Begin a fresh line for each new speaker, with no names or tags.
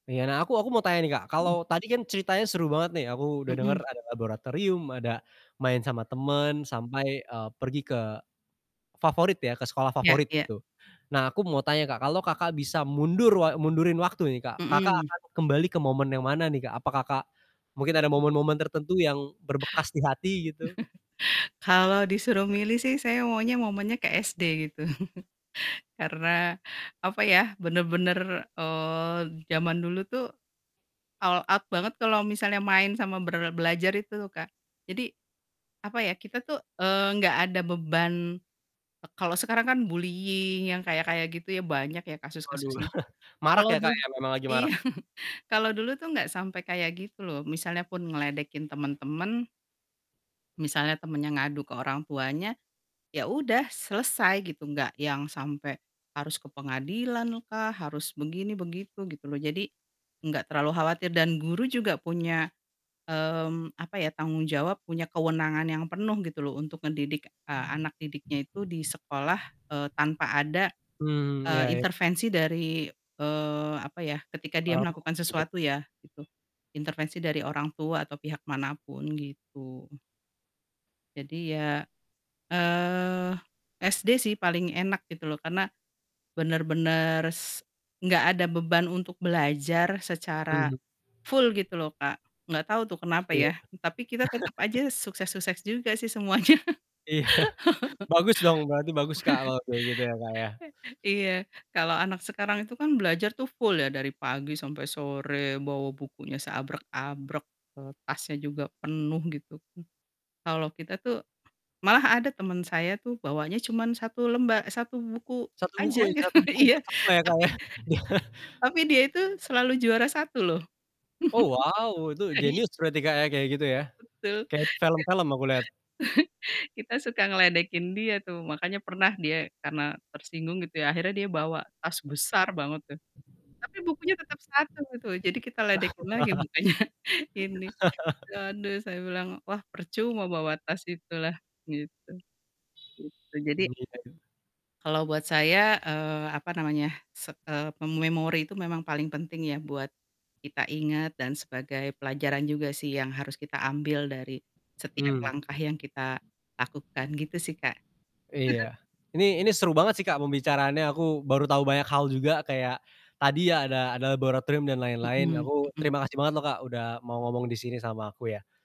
Iya, nah, aku aku mau tanya nih Kak
Mhm.
kalau tadi kan ceritanya seru banget nih aku udah denger
Mhm.
ada laboratorium ada main sama temen sampai, eee, pergi ke favorit ya ke sekolah
Ya
favorit
ya.
gitu nah aku mau tanya Kak kalau Kakak bisa mundur wa mundurin waktu nih Kak, Kakak
Mhm.
akan kembali ke momen yang mana nih, Kak? Apa Kakak mungkin ada momen-momen tertentu yang berbekas di hati gitu.
Kalau disuruh milih sih saya maunya momennya ke SD gitu karena apa ya, bener-bener, eee, zaman dulu tuh all out banget kalau misalnya main sama ber belajar itu Kak, jadi apa ya, kita tuh, eee, nggak ada beban, e kalau sekarang kan bullying yang kayak-kayak gitu ya, banyak ya
Waduh,
kasus-kasusnya,
marak
kalau
ya Kak,
dulu
ya memang lagi
Iya,
marak.
kalau dulu tuh nggak sampai kayak gitu loh misalnya pun ngeledekin temen-temen misalnya temennya ngadu ke orang tuanya, ya udah selesai gitu, nggak yang sampai harus ke pengadilan lah, harus begini begitu, gitu loh, jadi nggak terlalu khawatir dan guru juga punya, mmm, apa ya, tanggung jawab, punya kewenangan yang penuh gitu loh untuk ngedidik, eee, anak didiknya itu di sekolah, eee, tanpa ada,
Hmm,
eee,
ya ya.
intervensi dari, eee, apa ya ketika dia
Orang tua
melakukan
mungkin.
sesuatu ya, gitu intervensi dari orang tua atau pihak manapun gitu. Jadi ya, eee, SD sih paling enak gitu loh, karena bener-bener s nggak ada beban untuk belajar secara
Mhm.
full gitu loh Kak, nggak tau tuh kenapa
Iya.
ya tapi kita tetep aja sukses-sukses juga sih semuanya.
Iya, bagus dong berarti bagus, Kak, kalau kayak gitu ya Kak ya.
Iya, kalau anak sekarang itu kan belajar tuh full ya dari pagi sampai sore, bawa bukunya seabrek-abrek, eee, tasnya juga penuh gitu, kalau kita tuh malah ada temen saya tuh, bawanya cuman 1 lemba eee, 1 buku
1 buku
aja
ya,
gitu,
1 buku
iya,
pertama ya Kak
tapi
ya.
tapi, dia itu selalu juara 1 loh.
Oh, wow itu
Aih.
jenius berarti Kak ya, kayak gitu ya,
Betul,
kayak di film-film aku lihat.
kita suka ngeledekin dia tuh makanya pernah dia karena tersinggung gitu ya, akhirnya dia bawa tas besar banget tuh, tapi bukunya tetep 1 gitu, jadi kita ledekin lagi bukannya ini, waduh saya bilang, "Wah percuma bawa tas itu lah," gitu, gitu jadi
Mmm, iya ya.
kalau buat saya, eee, apa namanya, se eee, em memori itu memang paling penting ya buat kita ingat dan sebagai pelajaran juga sih yang harus kita ambil dari setiap
Mmm.
langkah yang kita lakukan gitu sih Kak.
Iya, Ini ini seru banget sih Kak pembicaraannya, aku baru tahu banyak hal juga kayak tadi ya ada ada laboratorium dan lain-lain,
Mhm
aku
mhm.
terima kasih banget loh Kak, udah mau ngomong di sini sama aku, ya.